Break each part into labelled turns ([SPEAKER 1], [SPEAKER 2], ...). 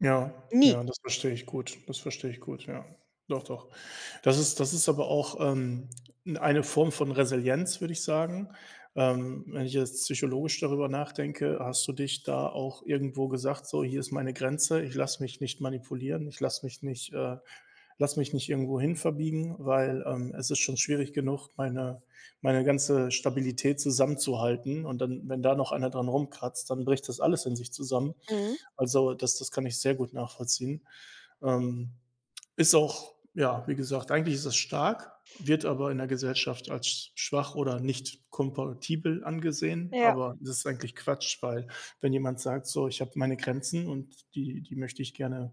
[SPEAKER 1] Ja,
[SPEAKER 2] Nie.
[SPEAKER 1] ja, das verstehe ich gut, das verstehe ich gut, ja. Doch, doch. Das ist das ist aber auch, ähm, n eine Form von Resilienz, würde ich sagen. Ähm, wenn ich jetzt psychologisch darüber nachdenke, hast du dich da auch irgendwo gesagt: „So, hier ist meine Grenze, ich lasse mich nicht manipulieren, ich lasse mich nicht äh, lasse mich nicht irgendwo hin verbiegen, weil, ähm, es ist schon schwierig genug, meine meine ganze Stabilität zusammenzuhalten“, und dann, wenn da noch einer dran rumkratzt, dann bricht das alles in sich zusammen.
[SPEAKER 2] Mhm.
[SPEAKER 1] Also, das das kann ich sehr gut nachvollziehen. Ähm, ist auch ja, wie gesagt, eigentlich ist das stark, wird aber in der Gesellschaft als schwach oder nicht kompatibel angesehen.
[SPEAKER 2] Ja.
[SPEAKER 1] Aber das ist eigentlich Quatsch, weil wenn jemand sagt: „So, ich habe meine Grenzen und die die möchte ich gerne,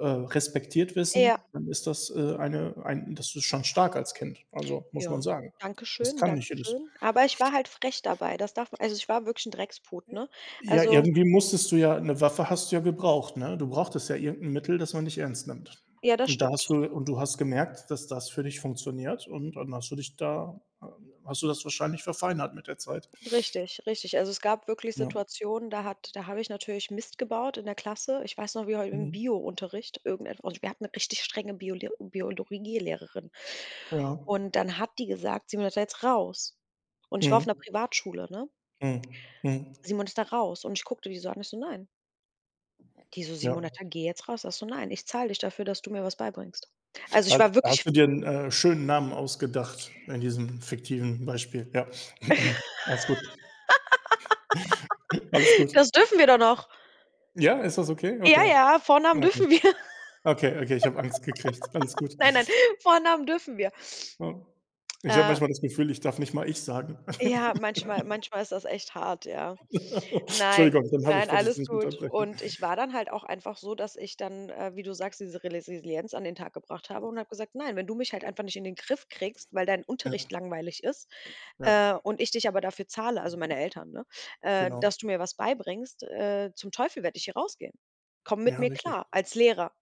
[SPEAKER 1] äh, respektiert wissen“,
[SPEAKER 2] Ja.
[SPEAKER 1] dann ist das, äh, eine ein das ist schon stark als Kind, also, muss man
[SPEAKER 2] Ja,
[SPEAKER 1] sagen.
[SPEAKER 2] danke
[SPEAKER 1] Das
[SPEAKER 2] schön,
[SPEAKER 1] kann
[SPEAKER 2] danke
[SPEAKER 1] nicht jedes.
[SPEAKER 2] schön. Aber ich war halt frech dabei. Das darf m also, ich war wirklich 'n Drecksput, ne?
[SPEAKER 1] Ja,
[SPEAKER 2] Also
[SPEAKER 1] irgendwie musstest du, ja 'ne Waffe hast du ja gebraucht, ne? Du brauchtest ja irgend 'n Mittel, das man dich ernst nimmt.
[SPEAKER 2] Ja, das
[SPEAKER 1] Und da
[SPEAKER 2] stimmt.
[SPEAKER 1] hast du und du hast gemerkt, dass das für dich funktioniert und dann hast du dich da h hast du das wahrscheinlich verfeinert mit der Zeit.
[SPEAKER 2] Richtig, richtig. Also, es gab wirklich
[SPEAKER 1] Ja.
[SPEAKER 2] Situationen, da hat da habe ich natürlich Mist gebaut in der Klasse. Ich weiß noch, wie heu im
[SPEAKER 1] Mhm.
[SPEAKER 2] Biounterricht irgendetwa und wir hatten 'ne richtig strenge Biole Biologielehrerin.
[SPEAKER 1] Ja.
[SPEAKER 2] Und dann hat die gesagt: „Simonetta, jetzt raus!“ Und ich war auf
[SPEAKER 1] Mhm.
[SPEAKER 2] 'ner Privatschule, ne?
[SPEAKER 1] Mhm, mhm.
[SPEAKER 2] „Simonetta raus!“ und ich guckte die so an. Ich so: „Nein.“ Die so:
[SPEAKER 1] Ja.
[SPEAKER 2] „Simonetta, geh jetzt raus.“ Ich, so: „Nein, ich zahle dich dafür, dass du mir was beibringst.“ Also, ich
[SPEAKER 1] Ha da
[SPEAKER 2] war
[SPEAKER 1] hast
[SPEAKER 2] wirklich
[SPEAKER 1] du dir 'n, äh, schönen Namen ausgedacht in diesem fiktiven Beispiel? Ja. Alles gut. Alles gut.
[SPEAKER 2] Das dürfen wir doch noch?
[SPEAKER 1] Ja, ist das okay?
[SPEAKER 2] Ja,
[SPEAKER 1] Okay, okay.
[SPEAKER 2] ja, Vornamen
[SPEAKER 1] okay.
[SPEAKER 2] dürfen wir.
[SPEAKER 1] Okay, okay, ich habe Angst gekriegt. Alles gut.
[SPEAKER 2] Nein, nein, Vornamen dürfen wir.
[SPEAKER 1] Oh. Ich habe
[SPEAKER 2] Äh.
[SPEAKER 1] manchmal das Gefühl, ich darf nicht mal „Ich“ sagen.
[SPEAKER 2] Ja, manchmal manchmal ist das echt hart, ja. Nein,
[SPEAKER 1] Entschuldigung, dann habe ich
[SPEAKER 2] nein,
[SPEAKER 1] wollte ich dich
[SPEAKER 2] alles
[SPEAKER 1] nicht
[SPEAKER 2] gut.
[SPEAKER 1] unterbrechen.
[SPEAKER 2] Und ich war dann halt auch einfach so, dass ich dann, äh, wie du sagst, diese Resisilienz an den Tag gebracht habe und habe gesagt: „Nein, wenn du mich halt einfach nicht in den Griff kriegst, weil dein
[SPEAKER 1] Ja.
[SPEAKER 2] Unterricht langweilig ist,
[SPEAKER 1] Ja.
[SPEAKER 2] äh, und ich dich aber dafür zahle, also, meine Eltern, ne, äh,
[SPEAKER 1] Genau.
[SPEAKER 2] dass du mir was beibringst, äh, zum Teufel werde ich hier rausgehen. Komm mit
[SPEAKER 1] Ja,
[SPEAKER 2] mir
[SPEAKER 1] richtig.
[SPEAKER 2] klar, als Lehrer.“